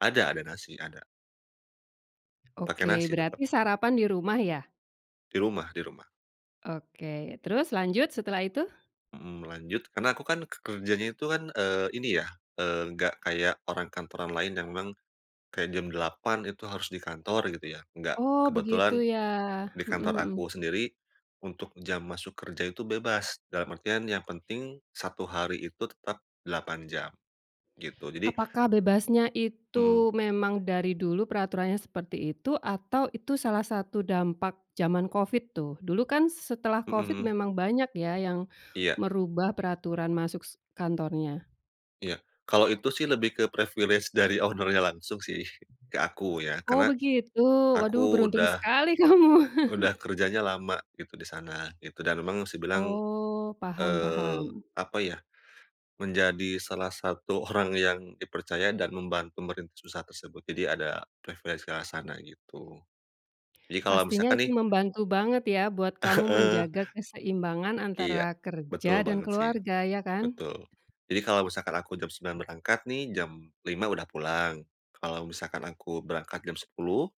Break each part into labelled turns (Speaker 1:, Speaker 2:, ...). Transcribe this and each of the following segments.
Speaker 1: Ada, ada nasi, ada. Pakai
Speaker 2: Oke,
Speaker 1: nasi tetap.
Speaker 2: berarti sarapan di rumah ya?
Speaker 1: Di rumah, di rumah.
Speaker 2: Oke, terus lanjut. Setelah itu?
Speaker 1: Mhm, lanjut. Karena aku kan ke kerjanya itu kan, eee, ini ya, eee, nggak kayak orang kantoran lain yang memang kayak jam 08.00 itu harus di kantor gitu ya, nggak.
Speaker 2: Oh, begitu
Speaker 1: Kebetulan,
Speaker 2: ya.
Speaker 1: di
Speaker 2: Mhm,
Speaker 1: kantor
Speaker 2: mhm.
Speaker 1: aku sendiri, untuk jam masuk kerja itu bebas, dalam artian yang penting satu hari itu tetap 8 jam. Gitu. Jadi
Speaker 2: Apakah bebasnya
Speaker 1: Mhm.
Speaker 2: itu memang dari dulu peraturannya seperti itu, atau itu salah satu dampak jaman Covid tuh? Dulu kan s setelah
Speaker 1: Mhm,
Speaker 2: Covid
Speaker 1: mhm.
Speaker 2: memang banyak ya yang
Speaker 1: Iya.
Speaker 2: merubah peraturan masuk s kantornya.
Speaker 1: Iya. Kalau itu sih lebih ke privilege dari owner-nya langsung sih, ke aku ya.
Speaker 2: Oh,
Speaker 1: Karena
Speaker 2: begitu. Waduh,
Speaker 1: aku
Speaker 2: beruntung
Speaker 1: udah
Speaker 2: sekali kamu.
Speaker 1: udah kerjanya lama gitu di sana, gitu, dan memang bisa dibilang,
Speaker 2: Oh, paham,
Speaker 1: eee,
Speaker 2: paham.
Speaker 1: apa ya, menjadi salah satu orang yang dipercaya dan membantu merintis usaha tersebut. Jadi ada privilege ke arah sana, gitu. Jadi kalau
Speaker 2: Pastinya
Speaker 1: misalkan
Speaker 2: itu
Speaker 1: nih
Speaker 2: membantu banget ya buat kamu
Speaker 1: Heeh.
Speaker 2: menjaga keseimbangan
Speaker 1: Iya.
Speaker 2: antara kerja
Speaker 1: Betul
Speaker 2: dan
Speaker 1: banget sih.
Speaker 2: keluarga, ya kan?
Speaker 1: Betul. Jadi kalau misalkan aku jam 9:00 berangkat nih, jam 5:00 udah pulang. Kalau misalkan aku berangkat jam 10:00,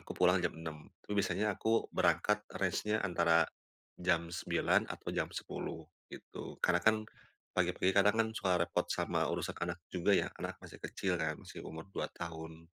Speaker 1: aku pulang jam 6:00. Tapi biasanya aku berangkat range-nya antara jam 9:00 atau jam 10.00, gitu. Karena kan pagi-pagi kadang kan suka repot sama urusan anak juga ya. Anak masih kecil kan, masih umur 2 tahun.